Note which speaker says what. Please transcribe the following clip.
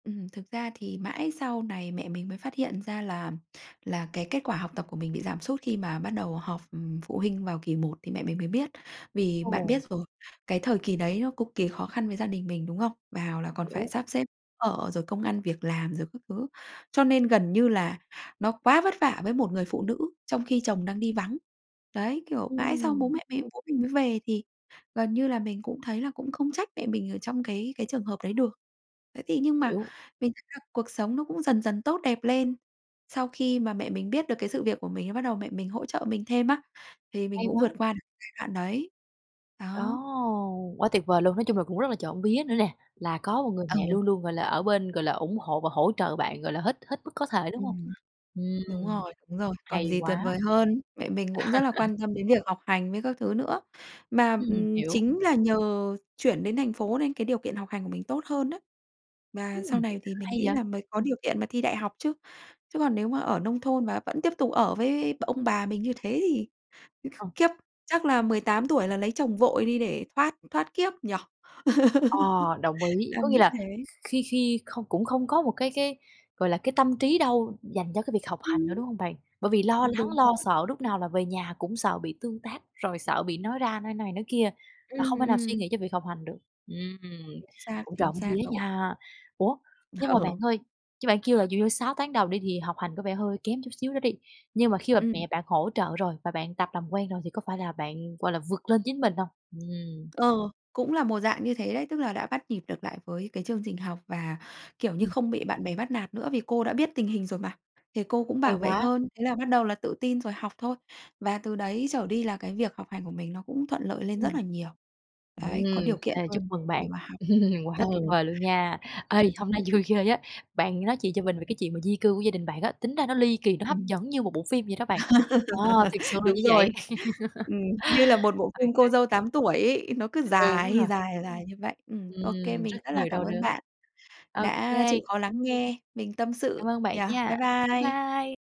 Speaker 1: Ừm, thực ra thì mãi sau này mẹ mình mới phát hiện ra là là cái kết quả học tập của mình bị giảm sút, khi mà bắt đầu họp, ừm, phụ huynh vào kỳ 1 thì mẹ mình mới biết. Vì bạn
Speaker 2: Ồ.
Speaker 1: biết rồi, cái thời kỳ đấy nó cực kỳ khó khăn với gia đình mình, đúng không? Vào là còn phải
Speaker 2: Hiểu.
Speaker 1: sắp xếp ở, rồi công ăn việc làm rồi các thứ, cho nên gần như là nó quá vất vả với một người phụ nữ trong khi chồng đang đi vắng. Đấy, kiểu, mãi sau bố
Speaker 2: Ừm.
Speaker 1: mẹ [unintelligible] bố mình mới về thì gần như là mình cũng thấy là cũng không trách mẹ mình ở trong cái cái trường hợp đấy được. Thế thì nhưng mà
Speaker 2: Hiểu.
Speaker 1: mình thấy là cuộc sống nó cũng dần dần tốt đẹp lên. Sau khi mà mẹ mình biết được cái sự việc của mình á bắt đầu mẹ mình hỗ trợ mình thêm á, thì mình
Speaker 2: Hay
Speaker 1: cũng
Speaker 2: quá!
Speaker 1: vượt qua được giai đoạn đấy.
Speaker 2: Ồ,
Speaker 1: Đó.
Speaker 2: quá tuyệt vời luôn! Nói chung là cũng rất là trộm vía nữa nè, là có một người mẹ
Speaker 1: Ừ.
Speaker 2: luôn luôn, gọi là, ở bên, gọi là, ủng hộ và hỗ trợ bạn, gọi là, hết hết mức có thể, đúng không?
Speaker 1: Ừm. Đúng
Speaker 2: Ừm.
Speaker 1: rồi, đúng rồi. Còn
Speaker 2: Hay
Speaker 1: gì tuyệt
Speaker 2: quá!
Speaker 1: vời hơn, mẹ mình cũng rất là quan tâm đến việc học hành với các thứ nữa. Mà,
Speaker 2: Ừm,
Speaker 1: ừm,
Speaker 2: hiểu.
Speaker 1: chính là nhờ chuyển đến thành phố nên cái điều kiện học hành của mình tốt hơn á, và
Speaker 2: Ừm,
Speaker 1: sau này thì mình
Speaker 2: hay
Speaker 1: nghĩ
Speaker 2: vậy!
Speaker 1: là mới có điều kiện mà thi đại học chứ. Chứ còn nếu mà ở nông thôn và vẫn tiếp tục ở với b ông bà mình như thế thì
Speaker 2: À.
Speaker 1: khiếp, chắc là 18 tuổi là lấy chồng vội đi để thoát thoát kiếp nhỉ?
Speaker 2: Ờ, đồng ý, có
Speaker 1: Đang
Speaker 2: nghĩa
Speaker 1: nghĩ
Speaker 2: là
Speaker 1: thế.
Speaker 2: kh khi khi không cũng không có một cái cái, gọi là, cái tâm trí đâu dành cho cái việc học hành nữa,
Speaker 1: Ừm.
Speaker 2: đúng hông bạn? Bởi vì lo lắng,
Speaker 1: Đúng
Speaker 2: lo
Speaker 1: rồi.
Speaker 2: sợ lúc nào là về nhà cũng sợ bị tương tác, rồi sợ bị nói ra, nói này nói kia và
Speaker 1: Ừm,
Speaker 2: không thể nào suy
Speaker 1: ừm.
Speaker 2: nghĩ cho việc học hành được. Ừm,
Speaker 1: Chính xác,
Speaker 2: cũng
Speaker 1: chính
Speaker 2: trộm vía
Speaker 1: xác rồi.
Speaker 2: nha. Ủa, nhưng mà bạn
Speaker 1: Ừ.
Speaker 2: ơi, chứ bạn kêu là dụ như 6 tháng đầu đi, thì học hành có vẻ hơi kém chút xíu nữa đi, nhưng mà khi mà
Speaker 1: Ừm.
Speaker 2: mẹ bạn hỗ trợ rồi và bạn tập làm quen rồi thì có phải là bạn, gọi là, vượt lên chính mình hông? Ừm.
Speaker 1: Ờ, cũng là một dạng như thế đấy, tức là đã bắt nhịp được lại với cái chương trình học và, kiểu như,
Speaker 2: Ừm.
Speaker 1: không bị bạn bè bắt nạt nữa vì cô đã biết tình hình rồi mà, thì cô cũng bảo
Speaker 2: Hay
Speaker 1: vệ
Speaker 2: quá!
Speaker 1: hơn. Thế là bắt đầu là tự tin rồi học thôi, và từ đấy trở đi là cái việc học hành của mình nó cũng thuận lợi lên rất
Speaker 2: Ừm.
Speaker 1: là nhiều.
Speaker 2: Ừm,
Speaker 1: Đấy, có điều kiện
Speaker 2: ê, chúc
Speaker 1: hơn
Speaker 2: mừng
Speaker 1: để
Speaker 2: bạn,
Speaker 1: mà học.
Speaker 2: quá
Speaker 1: Ừ.
Speaker 2: tuyệt vời luôn nha! Ê, hôm nay vui ghê á, bạn nói chuyện cho mình về cái chuyện mà di cư của gia đình bạn á, tính ra nó ly kỳ, nó hấp
Speaker 1: Ừm.
Speaker 2: dẫn như một bộ phim vậy đó bạn. Ờ, thiệt sự là
Speaker 1: Đúng
Speaker 2: như vậy.
Speaker 1: rồi. Ừm, như là một bộ
Speaker 2: Ô
Speaker 1: phim
Speaker 2: kê.
Speaker 1: Cô dâu 8 tuổi ấy, nó cứ
Speaker 2: Đúng
Speaker 1: dài,
Speaker 2: rồi.
Speaker 1: dài, dài như vậy. Ừm, ô kê,
Speaker 2: Ừm, rất
Speaker 1: mình rất là
Speaker 2: nhiều
Speaker 1: cảm
Speaker 2: đau
Speaker 1: ơn
Speaker 2: đớn.
Speaker 1: bạn
Speaker 2: Ô
Speaker 1: đã
Speaker 2: kê.
Speaker 1: chịu khó lắng nghe mình tâm
Speaker 2: Cảm
Speaker 1: sự,
Speaker 2: ơn bạn
Speaker 1: nhỉ.
Speaker 2: nha.
Speaker 1: Bye
Speaker 2: Bye
Speaker 1: bye!
Speaker 2: bye!